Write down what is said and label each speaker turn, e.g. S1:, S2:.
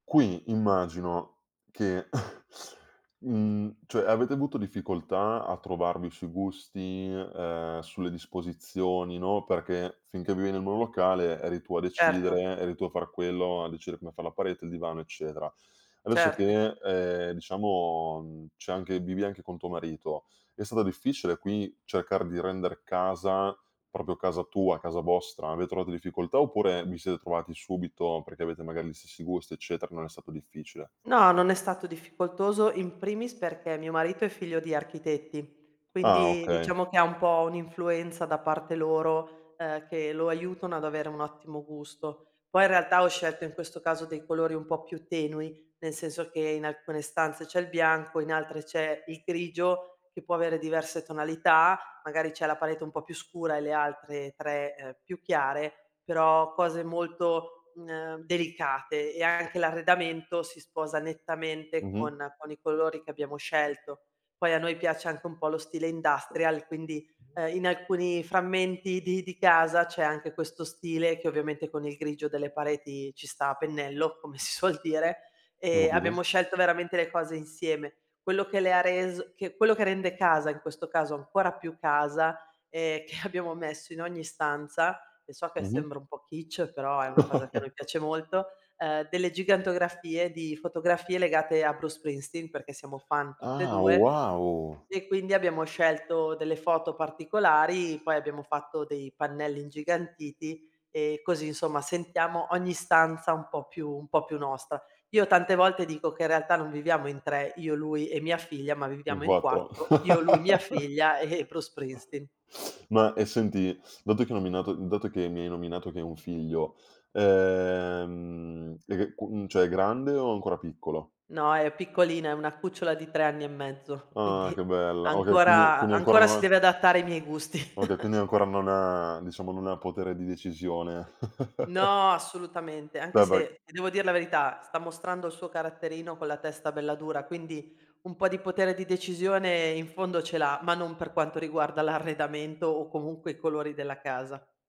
S1: Qui, immagino, che, mhmm, cioè avete avuto difficoltà a trovarvi sui gusti, ehm, sulle disposizioni, no, perché finché vivi nel monolocale eri tu a
S2: Certo.
S1: decidere, eri tu a far quello, a decidere come far la parete, il divano, eccetera. Adesso
S2: Certo.
S1: che, ehm, diciamo, mhmm, c'è anche vivi anche con tuo marito, è stata difficile qui cercare di render casa proprio casa tua, casa vostra? Avete trovato difficoltà oppure vi siete trovati subito, perché avete magari gli stessi gusti, eccetera, non è stato difficile?
S2: No, non è stato difficoltoso, in primis perché mio marito è figlio di architetti,
S1: Ah,
S2: quindi
S1: okay.
S2: diciamo che ha un po' un'influenza da parte loro, ehm, che lo aiutano ad avere un ottimo gusto. Poi in realtà ho scelto in questo caso dei colori un po' più tenui, nel senso che in alcune stanze c'è il bianco, in altre c'è il grigio che può avere diverse tonalità. Magari c'è la parete un po' più scura e le altre 3, ehm, più chiare, però cose molto, mhmm, ehm, delicate e anche l'arredamento si sposa nettamente
S1: Mh-mh.
S2: con con i colori che abbiamo scelto. Poi a noi piace anche un po' lo stile industrial, quindi, ehm, in alcuni frammenti di di casa c'è anche questo stile, che ovviamente con il grigio delle pareti ci sta a pennello, come si suol dire, e
S1: [unintelligible]
S2: abbiamo scelto veramente le cose insieme. Quello che le ha res che quello che rende casa, in questo caso, ancora più casa e che abbiamo messo in ogni stanza, e so che
S1: Mh-mh.
S2: sembra un po' Kitsch, però è una cosa che a noi piace molto, uhm, delle gigantografie di fotografie legate a Bruce Springsteen, perché siamo fan tutte e
S1: Ah,
S2: 2
S1: wow!
S2: e quindi abbiamo scelto delle foto particolari, poi abbiamo fatto dei pannelli ingigantiti e così, insomma, sentiamo ogni stanza un po' più un po' più nostra. Io tante volte dico che in realtà non viviamo in 3, io lui e mia figlia, ma
S1: In
S2: viviamo in
S1: 4.
S2: 4, io, lui, mia figlia e e Bruce Springsteen.
S1: Ma e senti, dato che hai nominato dato che mi hai nominato che hai un figlio, ehm, e che qu mhmm, cioè è grande o ancora piccolo?
S2: No, è piccolina, è una cucciola di 3 anni e mezzo,
S1: Ah!
S2: quindi
S1: Che bella! Okay, quindi
S2: ancora
S1: quindi ancora
S2: ancora
S1: non
S2: si
S1: ha
S2: deve adattare ai miei gusti.
S1: Okay, quindi ancora non ha diciamo non ha potere di decisione.
S2: No, assolutamente, anche
S1: [unintelligible]
S2: se ti devo dir la verità, sta mostrando il suo caratterino con la testa bella dura, quindi un po' di potere di decisione in fondo ce l'ha, ma non per quanto riguarda l'arredamento o comunque i colori della casa.